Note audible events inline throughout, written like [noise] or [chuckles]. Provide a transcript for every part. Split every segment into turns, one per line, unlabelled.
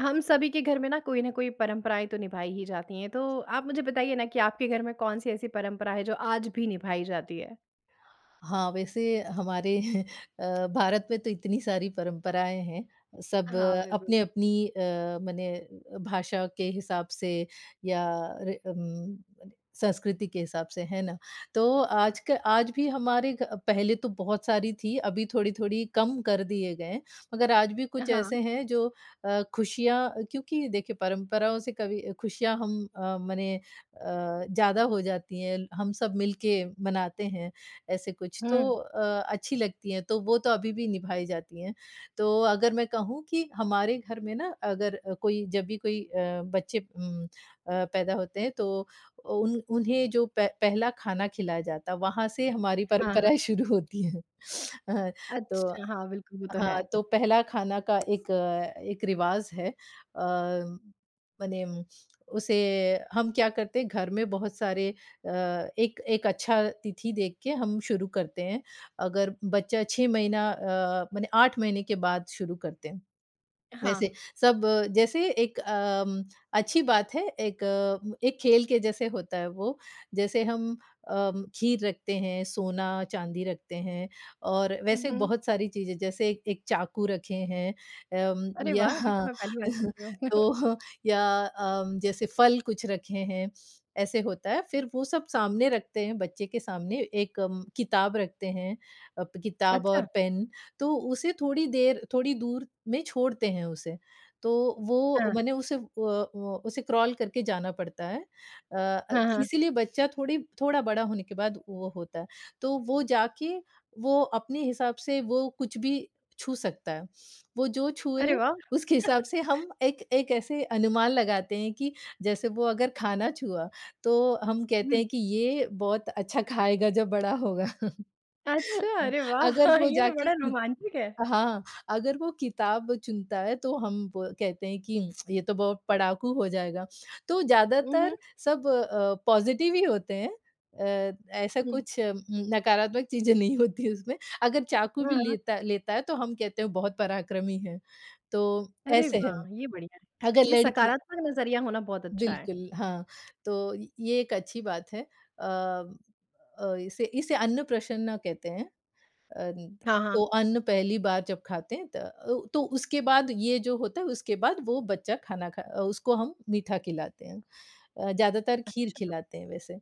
हम सभी के घर में न कोई न कोई परंपराएँ तो निभाई ही जाती हैं। तो आप मुझे बताइए ना कि आपके घर में कौन-सी ऐसी परंपरा है, जो आज भी निभाई जाती है?
हाँ, वैसे हमारे [chuckles] अ, भारत में तो इतनी सारी परंपराएँ हैं। सब
हाँ, बिल्कुल।
अपनी-अपनी अ, मने भाषा के हिसाब से, या रे उम संस्कृति के हिसाब से, है ना? तो आज का आज भी हमारे अ, पहले तो बहुत सारी थी, अभी थोड़ी-थोड़ी कम कर दिए गए। मगर आज भी कुछ
हाँ।
ऐसे हैं, जो अ, खुशियाँ क्योंकि देखिए परंपराओं से कभी खुशियाँ हम अ, मने अ, ज़्यादा हो जाती हैं। हम सब मिलके मनाते हैं ऐसे कुछ, तो
हुँ।
अ, अच्छी लगती हैं, तो वो तो अभी भी निभाई जाती हैं। तो अगर मैं कहूँ कि हमारे घर में ना अगर अ, कोई जब भी कोई अ, बच्चे उम अ, पैदा होते हैं, तो उन उन्हें जो पह पहला खाना खिलाया जाता वहाँ से हमारी
हाँ, हाँ।
परंपराएँ शुरू होती हैं। हाँ तो
अच्छा हाँ, बिल्कुल। वो तो है।
हाँ। तो पहला खाना का एक एक रिवाज़ है। अ, मने उसे हम क्या करते हैं, घर में बहुत सारे अ, एक एक अच्छा तिथि देख के हम शुरू करते हैं। अगर बच्चा 6 महीना अ, मने 8 महीने के बाद शुरू करते हैं। वैसे
हाँ।
सब जैसे एक अ, म अच्छी बात है, एक एक खेल के जैसे होता है वो। जैसे हम अ, खीर रखते हैं, सोना-चांदी रखते हैं। और
हुँ,
वैसे
हुँ।
बहुत सारी चीज़ें, जैसे ए 1 चाकू रखे हैं उम,
अरे वाह! ये तो
यहाँ
मैं पहली बार सुन रही हूँ। [chuckles]
तो या अ, जैसे फल कुछ रखे हैं, ऐसे होता है। फ़िर वो सब सामने रखते हैं, बच्चे के सामने एक अम किताब रखते हैं, किताब और
अच्छा।
पेन। तो उसे थोड़ी देर थोड़ी दूर में छोड़ते हैं उसे। तो वो
हाँ।
मने उसे, उ उ उसे क्रॉल करके जाना पड़ता है। अ अ,
हाँ, हाँ।
इसीलिए बच्चा थोड़ी थोड़ा बड़ा होने के बाद वो होता है। तो वो जाके, वो अपने हिसाब से, वो कुछ भी छू सकता है। वो जो छुए,
अरे वाह!
उसके हिसाब से
[laughs]
हम एक एक ऐसी अनुमान लगाते हैं कि जैसे वो अगर खाना छुआ, तो हम कहते
हुँ।
हैं कि ये बहुत अच्छा खाएगा जब बड़ा होगा। [laughs]
अच्छा। अरे वाह!
अगर वो
ये तो
जाके
बड़ा रोमांचिक है।
हाँ। अगर वो किताब चुनता है, तो हम व कहते हैं कि ये तो बहुत पढ़ाकू हो जाएगा। तो
ऊँ, हुँ।
ज़्यादातर सब अ, पॉज़िटिव ही होते हैं। अ, ऐसा
हुँ।
कुछ उम नकारात्मक चीज़ें नहीं होती उसमें। अगर चाकू भी
अ।
लेता लेता है, तो हम कहते हैं बहुत पराक्रमी है। तो
अरे
ऐसे
वाह!
हैं।
ये बढ़िया है।
अगर
ये
लड़की
सकारात्मक नज़रिया होना बहुत अच्छा है।
बिल्कुल, हाँ। तो ये एक अच्छी बात है। अ अ, इसे इसे अन्नप्राशन कहते हैं। अ,
हाँ, हाँ।
तो अन्न पहली बार जब खाते हैं, त ओ तो उसके बाद ये जो होता है, उसके बाद वो बच्चा खाना, खा उसको हम मीठा खिलाते हैं। अ, ज़्यादातर खीर
अच्छा।
खिलाते हैं वैसे।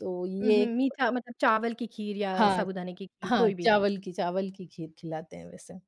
तो ये
उहुँ।
एक
मीठा मतलब, चावल की खीर या
हाँ।
साबूदाने की खीर,
हाँ
कोई भी।
चावल की चावल की खीर खिलाते हैं वैसे।